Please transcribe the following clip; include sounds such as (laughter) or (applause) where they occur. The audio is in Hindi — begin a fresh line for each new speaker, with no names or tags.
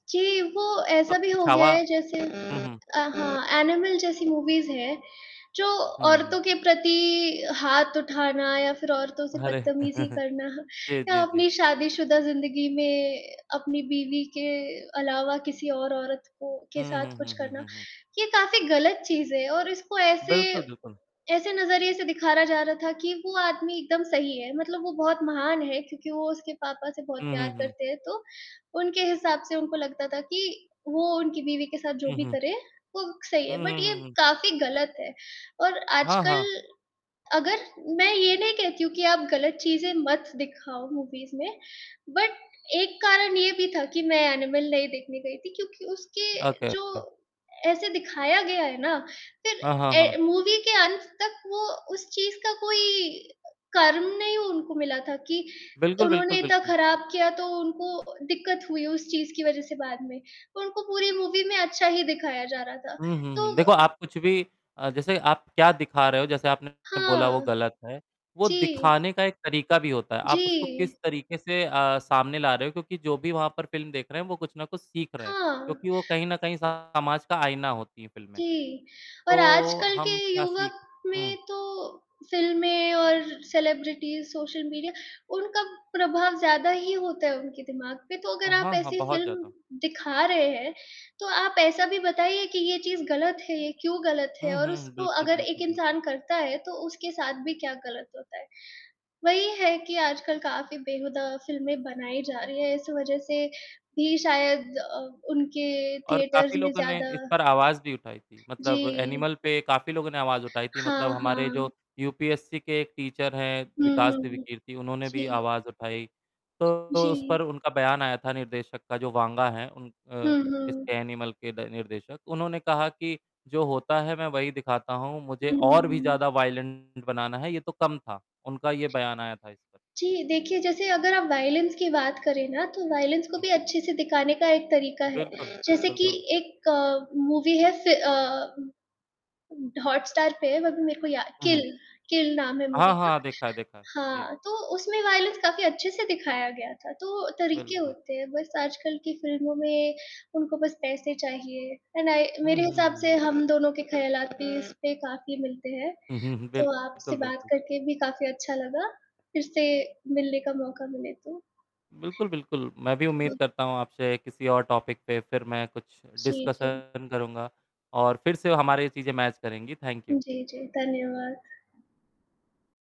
जी, वो ऐसा भी
(unintelligible)
हो गया
छावा
है जैसे
हुँ, हुँ।
अ, हाँ एनिमल जैसी मूवीज़ हैं, जो
हुँ,
औरतों
हुँ।
के प्रति हाथ उठाना या फिर औरतों से
अरे!
बदतमीज़ी
(laughs)
करना
जी,
या
जी, जी।
अपनी शादीशुदा ज़िंदगी में अपनी बीवी के अलावा किसी और औरत को के
हुँ,
साथ
हुँ,
कुछ
हुँ, हुँ,
करना,
हुँ, हुँ।
ये काफ़ी गलत चीज़ है और इसको ऐसे
बिल्कुल, बिल्कुल।
ऐसे नज़रिए से दिखाया जा रहा था कि वो आदमी एकदम सही है, मतलब वो बहुत महान है क्योंकि वो उसके पापा से बहुत
हुँ,
प्यार
हुँ, हुँ।
करते हैं, तो उनके हिसाब से उनको लगता था कि वो उनकी बीवी के साथ जो
हुँ,
भी
हुँ।
करें वो सही है,
हुँ,
बट
हुँ,
ये
हुँ, हुँ।
काफ़ी गलत है और
हाँ,
आजकल
हाँ।
अगर मैं ये नहीं कहती हूँ कि आप गलत चीज़ें मत दिखाओ मूवीज़ में बट एक कारण ये भी था कि मैं एनिमल नहीं देखने गई थी क्योंकि उसके
ओके,
जो
ओके।
ऐसे दिखाया गया है ना, फिर
हाँ, हाँ,
ए
हाँ।
मूवी के अंत तक वो उस चीज़ का कोई कर्म नहीं उनको मिला था कि
बिल्कुल,
उन्होंने
बिल्कुल,
इतना
बिल्कुल।
खराब किया तो उनको दिक्कत हुई उस चीज़ की वज़ह से बाद में, तो उनको पूरी मूवी में अच्छा ही दिखाया जा रहा था।
हुँ, हुँ,
तो
हुँ। देखो आप कुछ भी अ, जैसे आप क्या दिखा रहे हो जैसे आपने बोला वो
हाँ।
गलत है, वो
जी।
दिखाने का एक तरीका भी होता है, आप उसको
जी।
किस तरीके से अ, सामने ला रहे हो क्योंकि जो भी वहाँ पर फ़िल्म देख रहे हैं वो कुछ ना कुछ सीख रहे हैं
हाँ।
क्योंकि वो कहीं न कहीं समाज का आईना होती हैं फिल्में,
जी और
तो
आजकल के
हम क्या सीख
युवक में
हुँ।
तो फ़िल्में और सेलिब्रिटीज़ सोशल मीडिया, उनका प्रभाव ज़्यादा ही होता है उनके दिमाग़ पे, तो अगर
ओह!
आप
हाँ, हाँ
ऐसी
बहुत
फ़िल्म
ज़्यादा।
दिखा रहे हैं, तो आप ऐसा भी बताइए कि ये चीज़ गलत है, क्यों गलत है
हुँ,
और
हुँ।
उसको
बिल्कुल,
अगर एक
बिल्कुल, बिल्कुल।
इंसान करता है तो उसके साथ भी क्या गलत होता है। वही है कि आजकल काफ़ी बेहूदा फ़िल्में बनाई जा रही हैं इस वज़ह से भी शायद अ, उनके
और
थिएटर्स
काफ़ी
में
लोगों ने
ज़्यादा
इस पर आवाज़ भी उठाई थी, मतलब
जी।
एनिमल पे काफ़ी लोगों ने आवाज़ उठाई थी, मतलब
हाँ,
हमारे जो
हाँ।
यूपीएससी के एक टीचर हैं
हुँ, हुँ,
विकास
हुँ।
दिव्यकीर्ति उन्होंने भी
जी।
आवाज़ उठाई, तो उस पर
जी।
उनका बयान आया था निर्देशक का जो वांगा है उन अ,
हुँ,
इस
हुँ।
एनिमल के निर्देशक, उन्होंने कहा कि "जो होता है मैं वही दिखाता हूँ मुझे
हुँ, हुँ,
और भी
हुँ।
ज़्यादा वायलेंट बनाना है ये तो कम था," उनका ये बयान आया था इस पर।
जी, देखिए जैसे अगर आप वायलेंस की बात करें ना तो वायलेंस को भी अच्छे से दिखाने का एक तरीका है,
बिल्कुल।
जैसे कि
बिल्कुल।
एक मूवी है फिर अ हॉट स्टार पे है, अभी मेरे को याद
हुँ,
किल,
हुँ।
किल नाम है मूवी
हाँ,
का।
हाँ। देखा है देखा है। जी।
हाँ, तो उसमें वायलेंस काफ़ी अच्छे से दिखाया गया था, तो तरीके
बिल्कुल।
होते हैं, बस आजकल की फ़िल्मों में उनको बस पैसे चाहिए एंड आई
हुँ,
मेरे
हुँ,
हिसाब
हुँ,
से
हुँ।
हम दोनों के ख़यालात भी इस पे काफ़ी मिलते हैं,
हुँ, हुँ।
तो आपसे
बिल्कुल,
बात
बिल्कुल।
करके भी काफ़ी अच्छा लगा, फिर से मिलने का मौका मिले तो
बिल्कुल, बिल्कुल। मैं भी उम्मीद
हुँ।
करता हूँ आपसे किसी और टॉपिक पे फिर मैं कुछ
जी, जी।
डिस्कशन करूँगा और फिर से वो हमारी ये चीज़ें मैच करेंगी। थैंक
उ,
यू।
जी, जी। धन्यवाद।